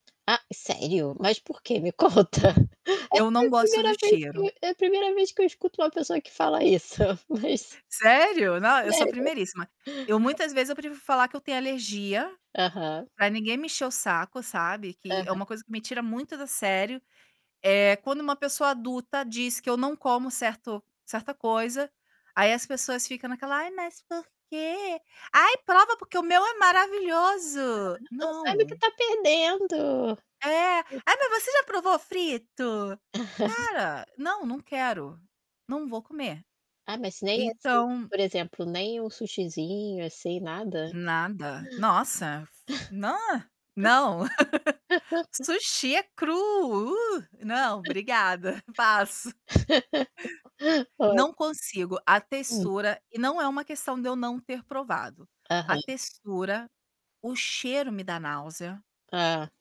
Ah, sério? Mas por quê? Me conta. Eu Essa é não a gosto do 1ª vez que cheiro. eu é a 1ª vez que eu escuto uma pessoa que fala isso, mas Sério? Não, eu sou veja. primeiríssima. Eu, muitas vezes eu prefiro falar que eu tenho alergia, Aham. para ninguém mexer o saco, sabe, que é Aham. uma coisa que me tira muito do sério, é quando uma pessoa adulta diz que eu não como certo certa coisa, aí as pessoas ficam naquela: "Ai, mas por quê?", "Ai, prova porque o meu é maravilhoso!". Aham, "não sabe o que Não. está perdendo". É. "Ai, mas você já provou frito?". Cara, não não quero, não vou comer. Ah, mas nem, assim, Então por exemplo, nem um sushizinho, assim, nada? Nada nossa! Nã não. O sushi é cru. "Não, obrigada", passo. Não consigo, a Hum. textura não é uma questão de eu não ter provado. A Aham. textura, o cheiro me dá náusea Hã.